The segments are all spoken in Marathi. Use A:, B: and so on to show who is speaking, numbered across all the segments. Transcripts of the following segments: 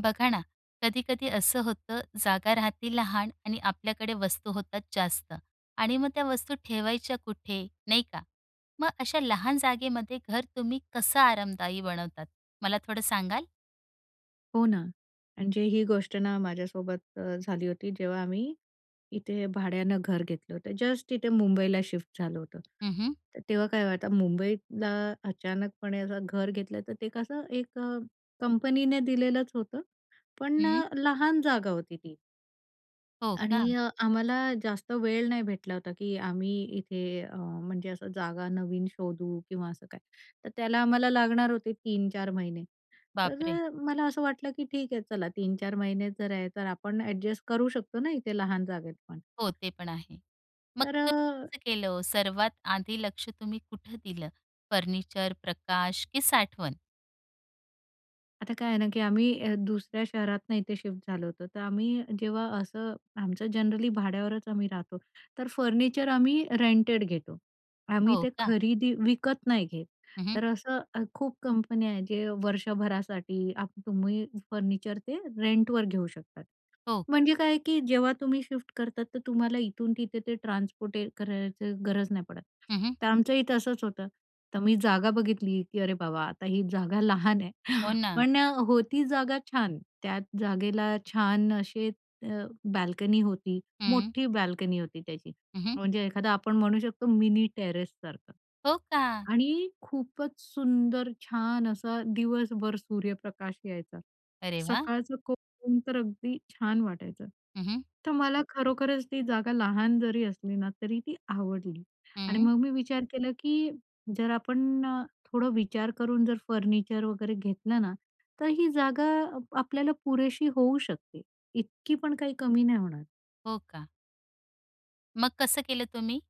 A: बघा ना, कधी-कधी असं होतं, जागा राहती लहान आणि आपल्याकडे वस्तू होतात जास्त आणि मग त्या वस्तू ठेवायच्या कुठे? नाही का? मग अशा लहान जागेमध्ये घर तुम्ही कसं आरामदायी बनवतात, मला थोडं सांगाल?
B: हो ना, म्हणजे ही गोष्ट ना माझ्यासोबत अ, झाली होती. जेव्हा आम्ही इथे भाड्यानं घर घेतलं होतं. जस्ट तिथे मुंबईला शिफ्ट झालो होतो.
A: हं, हं.
B: तर तेव्हा काय होतं, मुंबईतला अचानकपणे असं घर घेतलं तर ते कसं एक अ, कंपनीने दिलेलंच होतं पण
A: हं.
B: अ, लहान जागा होती ती.
A: हो
B: आणि
A: का?
B: अ, आम्हाला जास्त वेळ नाही भेटला होता, की आम्ही इथे अ, म्हणजे असं जागा नवीन शोधू किंवा असं काही, तर त्याला आम्हाला लागणार होते 3-4 महिने.
A: बाप
B: तर
A: रे!
B: अ, मला असं वाटलं, की ठीक आहे, चला 3-4 महिने जर आहे, तर आपण अ‍ॅडजस्ट करू शकतो ना इथे लहान जागेत, पण.
A: हो, ते पण आहे. मग
B: तर
A: तुम्ही
B: अ
A: कसं केलं, सर्वात आधी लक्ष तुम्ही कुठं दिलं? फर्निचर, प्रकाश की साठवण?
B: आता काय आहे ना की अ, आम्ही दुसऱ्या शहरातून इथे शिफ्ट झालो होतो, तर आम्ही जेव्हा असं आमचं जनरली भाड्यावरच आम्ही राहतो, तर फर्निचर आम्ही रेंटेड घेतो. आम्ही
A: हो
B: ते
A: का?
B: खरेदी विकत नाही घेत,
A: हं, हं.
B: तर असं खूप कंपन्या आहेत, जे वर्षभरासाठी आप तुम्ही फर्निचर ते रेंटवर घेऊ शकतात.
A: हो.
B: म्हणजे काय की जेव्हा तुम्ही शिफ्ट करतात, तर तुम्हाला इथून तिथे ते ट्रान्सपोर्ट करायची गरज नाही पडत.
A: हं, हं.
B: तर आमच्या इथं असंच होतं तर मी जागा बघितली, की अरे बाबा, आता ही जागा लहान आहे,
A: हो ना.
B: पण होती जागा छान1 त्यात जागेला छान असे अ, बाल्कनी होती.
A: हं.
B: मोठी बाल्कनी होती त्याची,
A: हं, हं.
B: म्हणजे एखादा आपण म्हणू शकतो मिनी टेरेससारखं
A: हो का?
B: आणि खूपच सुंदर छान असा दिवसभर सूर्यप्रकाश यायचा.
A: अरे वाह!
B: सकाळचं कोवळं ऊन तर अगदी छान वाटायचं
A: हं, हं.
B: तर मला खरोखरच ती जागा लहान जरी असली ना, तरी ती आवडली आणि
A: हं.
B: मग मी विचार केला, की जर आपण थोडं विचार करून जर फर्निचर वगैरे घेतलं ना तर ही जागा आपल्याला पुरेशी होऊ शकते. इतकी पण काही कमी नाही होणार.
A: हो, का. मग कसं केलं तुम्ही?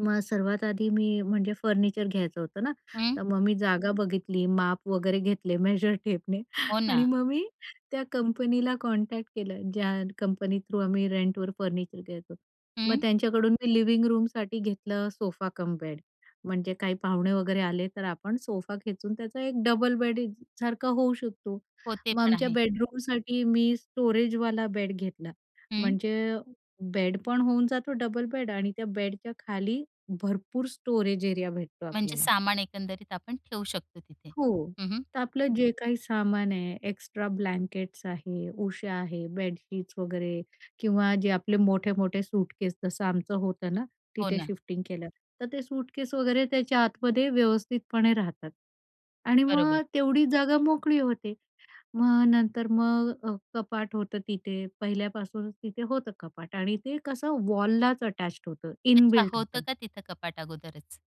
B: मग सर्वात आधी मी, म्हणजे फर्निचर घ्यायचं होतं ना,
A: हं.
B: तर मग मी जागा बघितली माप वगैरे घेतले मेजर टेपने
A: हो,
B: आणि
A: ना.
B: मग मी त्या कंपनीला कॉन्टॅक्ट केलं ज्या कंपनी थ्रू आम्ही रेंटवर फर्निचर घ्यायचो. मग
A: हं.
B: त्यांच्याकडून मी लिविंग रूमसाठी घेतलं सोफा कम बेड, म्हणजे काही पाहुणे वगैरे आले तर आपण सोफा खेचून त्याचा एक डबल बेड सारखा होऊ शकतो.
A: हो, ते
B: मग
A: पण
B: आमच्या
A: आहे.
B: बेडरूमसाठी मी स्टोरेजवाला बेड घेतला,
A: हं.
B: म्हणजे बेड पण होऊन जातो डबल बेड आणि त्या बेडच्या खाली भरपूर स्टोरेज एरिया भेटतो
A: म्हणजे
B: आपल्याला.
A: सामान एकंदरीत आपण ठेऊ शकतो तिथे.
B: हो.
A: हं. हं.
B: तर आपलं जे काही सामान आहे एक्स्ट्रा ब्लँकेट्स आहे, उशा आहे, बेडशीट्स वगैरे किंवा जे आपले मोठे-मोठे सूटकेस, जसं आमचं होतं ना,
A: हो,
B: तिथे
A: ना.
B: शिफ्टिंग केलं. तर ते सूटकेस वगैरे त्याच्या आतमध्ये व्यवस्थितपणे राहतात आणि मग
A: बरोबर.
B: अ, तेवढी जागा मोकळी होते. मग नंतर मग अ, कपाट होतं तिथे पहिल्यापासूनच तिथे होतं कपाट आणि ते कसं वॉललाच अटॅच्ड होतं.
A: अच्छा,
B: इनबिल्ट
A: होतं
B: होतं.
A: का तिथं कपाट अगोदरच.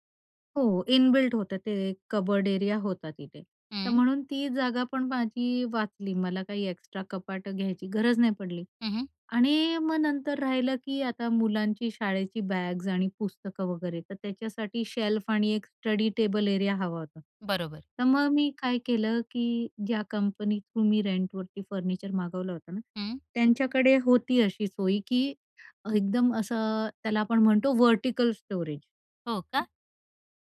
B: हो, इनबिल्ट होतं ते, कबर्ड एरिया होता तिथे. तर
A: हं.
B: म्हणून ती जागा पण माझी वाचली, मला काही एक्स्ट्रा कपाटं घ्यायची, गरज नाही पडली.
A: हं, हं.
B: आणि मग नंतर राहिलं की आता मुलांची शाळेची बॅग्ज आणि पुस्तकं वगैरे, तर त्याच्यासाठी शेल्फ आणि एक स्टडी टेबल एरिया हवा होता.
A: बरोबर.
B: तर मग मी काय केलं की ज्या कंपनी थ्रू मी रेंटवरती फर्निचर मागवलं होतं ना,
A: हं.
B: त्यांच्याकडे होती अशी सोय की एकदम असं, त्याला आपण म्हणतो व्हर्टिकल स्टोरेज.
A: हो का?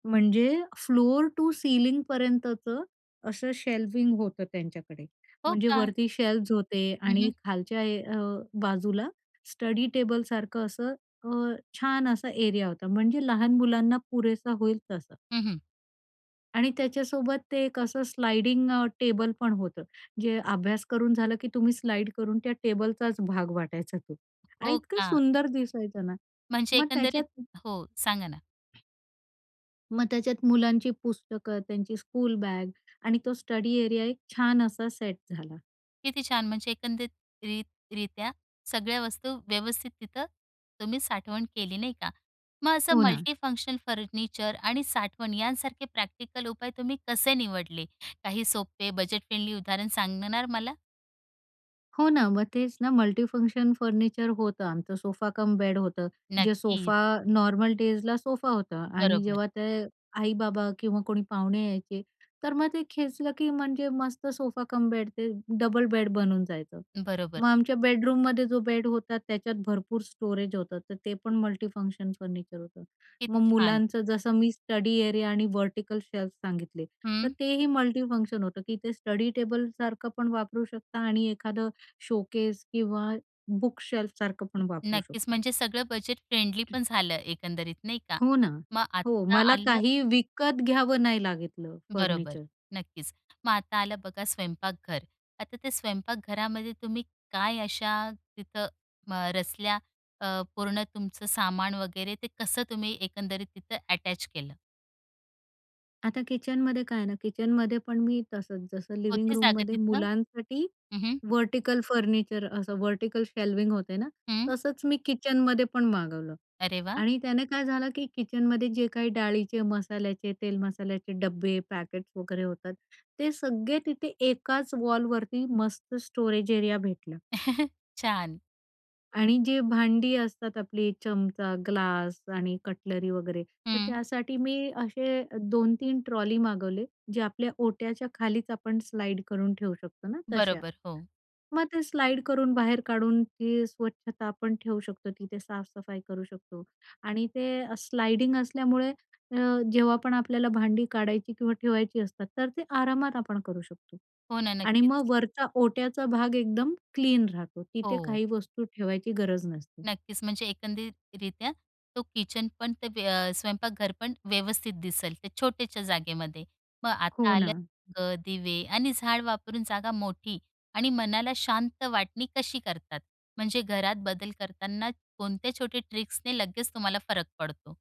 B: म्हणजे फ्लोर टू सीलिंगपर्यंतचं, असं शेल्विंग होतं त्यांच्याकडे,
A: हो
B: म्हणजे
A: का.
B: वरती शेल्वज होते
A: हं,
B: आणि
A: हं.
B: खालच्या ए अ, बाजूला स्टडी टेबलसारखं असं अ, छान असा एरिया होता, म्हणजे लहान मुलांना पुरेसा होईल तसा.
A: हं, हं.
B: आणि त्याच्यासोबत ते एक असं स्लाइडिंग अ, टेबल पण होतं, जे अभ्यास करून झालं की तुम्ही स्लाइड करून त्या टेबलचाच भाग वाटायचा तो आणि
A: हो
B: इतकं
A: का.
B: सुंदर दिसायचं ना.
A: म्हणजे
B: मग
A: एकंदरीत
B: त्याच्यात
A: हो, सांगा ना.
B: मग त्याच्यात मुलांची पुस्तकं, त्यांची स्कूल बॅग आणि तो स्टडी एरिया एक छान असा सेट झाला.
A: किती छान, म्हणजे एकंदरीत रित् रित्या सगळ्या वस्तू व्यवस्थित तिथं तुम्ही साठवण केली नाही का. मग असं
B: हो ना.
A: मल्टीफंक्शनल फर्निचर आणि साठवण यांसारखे प्रॅक्टिकल उपाय तुम्ही कसे निवडले? काही सोपे, बजेट फ्रेंडली उदाहरण सांगणार मला?
B: हो ना. मग तेच ना मल्टीफंक्शन फर्निचर होतं आमचं, सोफा कम बेड होतं. जे
A: नक्कीच.
B: सोफा नॉर्मल डेजला सोफा होता आणि
A: बरोबर.
B: जेव्हा ते अ, आई-बाबा किंवा कोणी पाहुणे यायचे, तर मग ते खेचलं की म्हणजे मस्त सोफा कम बेड ते अ, डबल बेड बनून जायचं.
A: बरोबर.
B: मग आमच्या बेडरूममध्ये जो बेड होता त्याच्यात भरपूर स्टोरेज होतं, तर ते पण मल्टीफंक्शन फर्निचर होतं.
A: किती
B: मग
A: छान.
B: मुलांचं जसं मी स्टडी एरिया आणि व्हर्टिकल शेल्फ सांगितले, तर
A: हं.
B: तेही मल्टीफंक्शन होतं, की ते स्टडी टेबलसारखं पण वापरू शकता आणि एखादं शोकेस किंवा बुक शेल्फसारखं पण वापरू
A: नक्कीच,
B: शकतो.
A: म्हणजे सगळं बजेट फ्रेंडली पण झालं एकंदरीत नाही का?
B: हो ना.
A: मग
B: हो,
A: आता
B: मला
A: आलं
B: काही विकत घ्यावं नाही लागलं
A: बरोबर.
B: फर्निचर.
A: नक्कीच. मग आता आलं बघा स्वयंपाकघर. आता ते स्वयंपाकघरामध्ये तुम्ही काय अशा, तिथं अ, रचल्या अ, पूर्ण तुमचं सामान वगैरे ते कसं तुम्ही एकंदरीत तिथं अटॅच केलं?
B: आता किचनमध्ये काय आहे ना, किचनमध्ये पण मी तसंच, जसं लिव्हिंग
A: होते जागा
B: रूममध्ये
A: तिथनं.
B: मुलांसाठी
A: हं हं.
B: व्हर्टिकल फर्निचर, असं व्हर्टिकल शेल्व्हिंग होतं ना,
A: हं.
B: तसंच मी किचनमध्ये पण मागवलं
A: अरे वाह!
B: आणि त्याने काय झालं की किचनमध्ये जे काही डाळीचे, मसाल्याचे, तेल-मसाल्याचे डबे, पॅकेट्स वगैरे होतात, ते सगळे तिथे एकाच वॉलवरती मस्त स्टोरेज एरिया भेटला.
A: छान.
B: आणि जी भांडी असतात आपली, चमचा, ग्लास आणि कटलरी वगैरे तर
A: हं.
B: त्यासाठी मी असे 2-3 ट्रॉली मागवले, जे आपल्या ओट्याच्या खालीच आपण स्लाईड करून ठेवू शकतो ना, तशा.
A: बरोबर, हो.
B: मग ते स्लाईड करून बाहेर काढून ती स्वच्छता आपण ठेवू शकतो, तिथे साफसफाई करू शकतो आणि ते अ, स्लाईडिंग असल्यामुळे अ, जेव्हा पण आपल्याला भांडी काढायची किंवा ठेवायची असतात तर ते आरामात आपण करू शकतो
A: हो ना,
B: आणि
A: नक्कीच.
B: मग वरचा ओट्याचा भाग एकदम क्लीन राहतो, तिथे
A: हो.
B: काही वस्तू ठेवायची गरज नसते.
A: नक्कीच, म्हणजे एकंदरीतरित्या तो किचन पण ते व्यव स्वयंपाकघर पण व्यवस्थित दिसेल त्या छोट्याशा जागेमध्ये. मग आता
B: हो
A: आले
B: ना.
A: अ, दिवे आणि झाडं वापरून जागा मोठी आणि मनाला शांत वाटणी कशी करतात? म्हणजे घरात बदल करताना कोणत्या छोट्या ट्रिक्सने लगेच तुम्हाला फरक पडतो?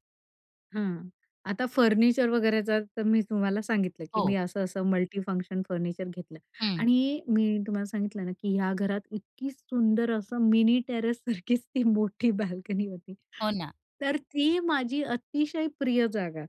B: हं. आता फर्निचर वगैरेचा तर मी तुम्हाला सांगितलं, की मी
A: हो.
B: असं, असं मल्टीफंक्शन फर्निचर घेतलं
A: हं.
B: आणि मी तुम्हाला सांगितलं ना, की या घरात इतकी सुंदर असं मिनी टेरेस सारखीच ती मोठी बाल्कनी होती.
A: हो, ना.
B: तर ती माझी अतिशय प्रिय जागा.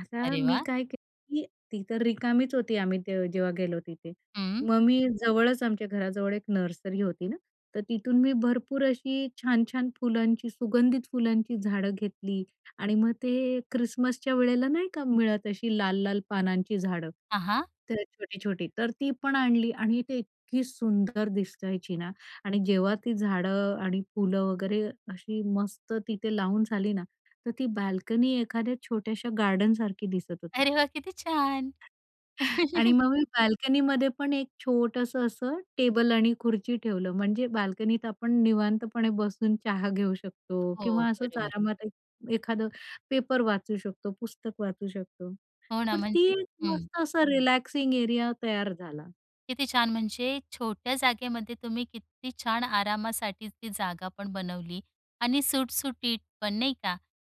B: आता
A: अरे,
B: मी
A: वाह!
B: काय केलं, की ती तर रिकामीच होती, आम्ही त जेव्हा गेलो तिथे,
A: हं.
B: मग मी जवळच आमच्या घराजवळ एक नर्सरी होती ना, तर तिथून मी भरपूर अशी छान-छान फुलांची, सुगंधित फुलांची झाडं घेतली आणि मग ते अ, ख्रिसमसच्या वेळेला नाही का मिळत अशी लाल-लाल पानांची झाडं?
A: हां, हां.
B: तर छोटी-छोटी, तर ती पण आणली आणि ती इतकी सुंदर दिसायची ना. आणि जेव्हा ती झाडं आणि फुलं वगैरे अशी मस्त तिथे लावून झाली ना, तर ती बाल्कनी एखाद्या छोट्याशा गार्डनसारखी दिसत होती.
A: अरे वाह! किती छान.
B: आणि मग मी बाल्कनीमध्ये पण एक छोटंसं असं टेबल आणि खुर्ची ठेवलं, म्हणजे बाल्कनीत आपण निवांतपणे बसून चहा घेऊ शकतो
A: हो,
B: किंवा असंच
A: बरोबर.
B: आरामात एक एखादं पेपर वाचू शकतो, पुस्तक वाचू शकतो.
A: हो, ना.
B: तर ती
A: म्हणजे
B: एक
A: हं.
B: मस्त असा रिलॅक्सिंग एरिया तयार झाला.
A: किती छान. म्हणजे छोट्या जागेमध्ये तुम्ही किती छान आरामासाठी ती जागापण बनवली आणि सुटसुटीत पण, नाही का.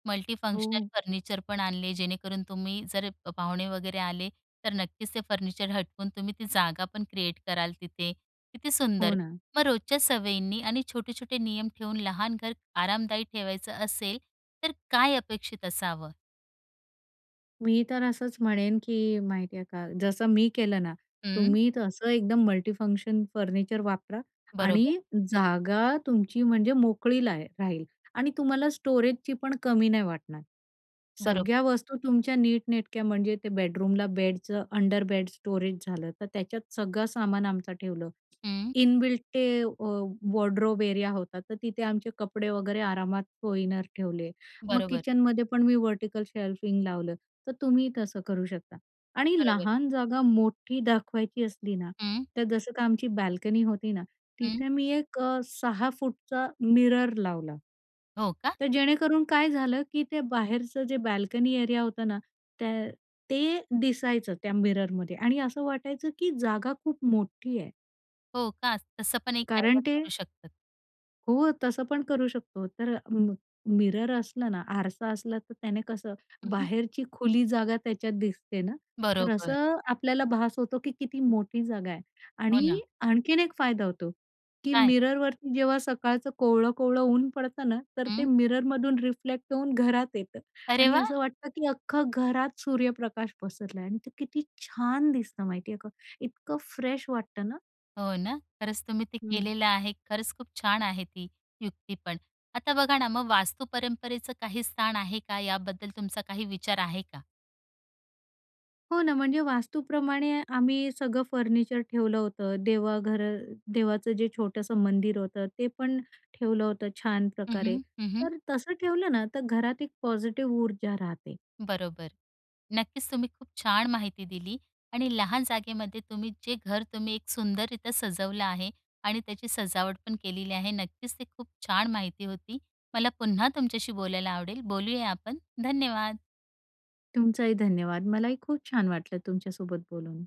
A: मल्टीफंक्शनल
B: हो.
A: फर्निचर पण आणले, जेणेकरून तुम्ही, जर पाहुणे वगैरे आले, तर नक्कीच ते फर्निचर हटवून तुम्ही ती जागापण क्रिएट कराल तिथे. किती
B: हो
A: सुंदर.
B: ना.
A: मग रोजच्या सवयींनी आणि छोटे-छोटे नियम ठेवून, लहान घर आरामदायी ठेवायचं असेल, तर काय अपेक्षित असावं?
B: मी तर असंच म्हणेन, की माहिती आहे का, जसं मी केलं ना,
A: हं.
B: तुम्ही तर एकदम मल्टी-फंक्शन फर्निचर वापरा आणि
A: बरोबर.
B: जागा तुमची म्हणजे मोकळी लाहे राहील. आणि तुम्हाला स्टोरेजचीपण कमी नाही वाटणार.
A: बरोबर.
B: सगळ्या वस्तू तुमच्या नीटनेटक्या म्हणजे ते बेडरूमला बेडचं अंडर-बेड स्टोरेज झालं, तर त्याच्यात सगळं सामान आमचं ठेवलं.
A: हं.
B: इनबिल्ट ते वॉ वॉर्डरोब एरिया होता, तर तिथे आमचे कपडे वगैरे आरामात कोइनर ठेवले. मग
A: बरोबर.
B: किचनमध्ये पण मी व्हर्टिकल शेल्फिंग लावलं, तर तुम्ही तसं करू शकता. आणि
A: बरोबर.
B: लहान जागा मोठी दाखवायची असली ना,
A: हं.
B: तर जसं तर आमची बाल्कनी होती ना,
A: हं.
B: तिथे मी एक 6' मिरर लावला.
A: हो का?
B: तर जेणेकरून काय झालं, की ते बाहेरचं जे बाल्कनी एरिया होतं ना, त्या ते दिसायचं त्या मिररमध्ये आणि असं वाटायचं, की जागा खूप मोठी आहे.
A: हो का? तसं पण एक
B: कारण
A: डायव्हर्ट करू
B: ते
A: शकतं.
B: हो. तसं पण करू शकतो. तर म मिरर असलं ना, आरसा असला, तर त्याने कसं
A: हं.
B: बाहेरची खुली जागा त्याच्यात दिसते ना, तर
A: बरोबर.
B: असं आपल्याला भास होतो, की किती मोठी जागा आहे.
A: हो
B: आणि
A: ना.
B: आणखीन एक फायदा होतो, की
A: काय?
B: मिररवरती जेव्हा सकाळचं कोवळं-कोवळं ऊन पडतं ना, तर ते
A: हं.
B: मिररमधून रिफ्लेक्ट होऊन घरात येतं.
A: अरे
B: आणि
A: वाह!
B: असं वाटतं, की अख्खं घरात सूर्यप्रकाश पसरला आहे. आणि ते किती छान दिसतं, माहिती आहे का? इतकं फ्रेश वाटतं ना.
A: हो ना? खरंच, तुम्ही ते
B: हं.
A: केलेलं आहे. खरंच खूप छान आहे, ती युक्तीपण. आता बघा ना, मग वास्तु परंपरेचं काही स्थान आहे का? याबद्दल तुमचा काही विचार आहे का?
B: हो ना, म्हणजे वास्तूप्रमाणे आम्ही सगळं फर्निचर ठेवलं होतं. देवाघर देवाचं जे छोटंसं मंदिर होतं, ते पण ठेवलं होतं छान
A: हं,
B: प्रकारे.
A: हं, हं, हं.
B: तर तसं ठेवलं ना, तर घरात एक पॉझिटिव्ह ऊर्जा राहते.
A: बरोबर. नक्कीच तुम्ही खूप छान माहिती दिली आणि लहान जागेमध्ये तुम्ही जे घर तुम्ही एक सुंदररित्या सजवलं आहे आणि त्याची सजावटपण केलेली आहे, नक्कीच ते खूप छान माहिती होती. मला पुन्हा तुमच्याशी बोलायला आवडेल. बोलूया आपण. धन्यवाद.
B: तुमचाही धन्यवाद. मलाही खूप छान वाटलं, तुमच्यासोबत बोलून.